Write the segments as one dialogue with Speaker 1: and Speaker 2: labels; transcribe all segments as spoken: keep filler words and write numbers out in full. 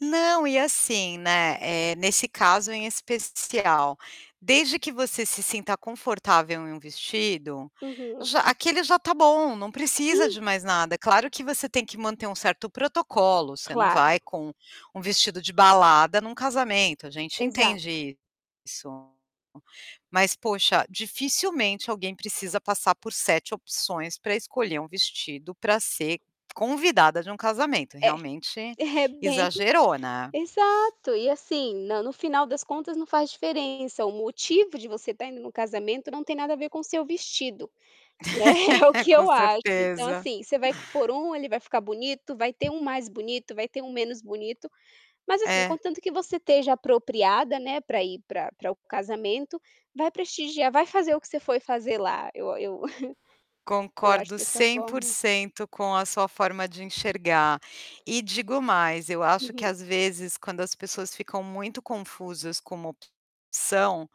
Speaker 1: Não, e assim, né, eh, nesse caso em especial, desde que você se sinta confortável em um vestido,
Speaker 2: Uhum.
Speaker 1: já aquele já tá bom, não precisa de
Speaker 2: Sim.
Speaker 1: mais nada. É claro que você tem que manter um certo protocolo, você não
Speaker 2: Claro.
Speaker 1: vai com um vestido de balada num casamento, a gente
Speaker 2: Exato.
Speaker 1: entende isso. Mas poxa, dificilmente alguém precisa passar por sete opções pra escolher um vestido pra ser convidada de um casamento,
Speaker 2: É,
Speaker 1: realmente,
Speaker 2: é bem
Speaker 1: exagerou, né?
Speaker 2: exato e assim na no final das contas não faz diferença, o motivo de você tá indo no casamento não tem nada a ver com o seu vestido, né, é o que
Speaker 1: Com
Speaker 2: eu acho. Então
Speaker 1: certeza.
Speaker 2: assim, você vai por um, ele vai ficar bonito, vai ter um mais bonito, vai ter um menos bonito, mas assim,
Speaker 1: É.
Speaker 2: contanto que você esteja apropriada, né, para ir para para o casamento, vai prestigiar, vai fazer o que você foi fazer lá, eu eu eu acho
Speaker 1: Concordo
Speaker 2: dessa
Speaker 1: cem por
Speaker 2: forma
Speaker 1: cento com a sua forma de enxergar. E digo mais, eu acho que
Speaker 2: Uhum.
Speaker 1: às vezes quando as pessoas ficam muito confusas como são.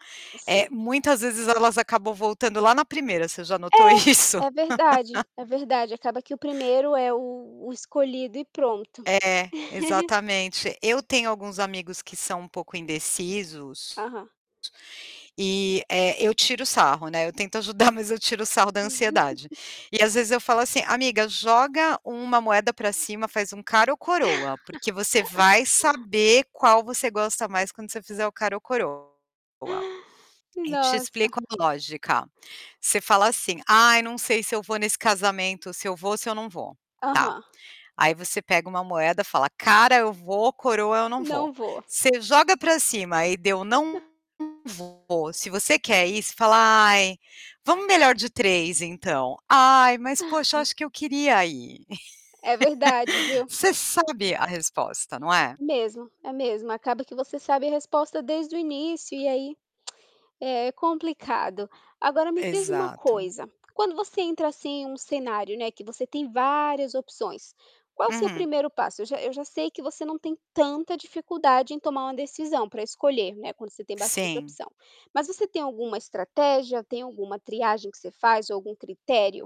Speaker 1: É
Speaker 2: Sim.
Speaker 1: muitas vezes elas acabam voltando lá na priemira você já notou isso?
Speaker 2: É, é verdade, é verdade, acaba que o primeiro é o o escolhido e pronto.
Speaker 1: É, exatamente. Eu tenho alguns amigos que são um pouco indecisos,,
Speaker 2: Aham.
Speaker 1: e eh, eu tiro sarro, né. Eu tento ajudar mas eu tiro o sarro da ansiedade. E às vezes eu falo assim: "Amiga joga uma moeda pra cima, faz um cara ou coroa, porque você vai saber qual você gosta mais quando você fizer o cara ou coroa." E te
Speaker 2: Nossa.
Speaker 1: explico a lógica. Você fala assim: "Ai não sei se eu vou nesse casamento, se eu vou ou se eu não vou." Tá,
Speaker 2: Aham.
Speaker 1: aí você pega uma moeda, fala: "Cara eu vou, coroa eu não vou."
Speaker 2: Não vou.
Speaker 1: Você joga para cima e deu não vou, e se você quer ir, fala: "Ai, vamos melhor de três então. Ai mas poxa, eu acho que eu queria ir."
Speaker 2: É verdade, viu?
Speaker 1: Você sabe a resposta, não é?
Speaker 2: Mesmo, é mesmo acaba que você sabe a resposta desde o início e aí, é complicado. Agora me diz uma
Speaker 1: Exato.
Speaker 2: coisa, quando você entra assim em um cenário, né, que você tem várias opções, qual o seu
Speaker 1: Uhum.
Speaker 2: primeiro passo? Eu já eu já sei que você não tem tanta dificuldade em tomar uma decisão para escolher, né, quando você tem bastante
Speaker 1: Sim.
Speaker 2: opção. Mas você tem alguma estratégia, tem alguma triagem que você faz ou algum critério?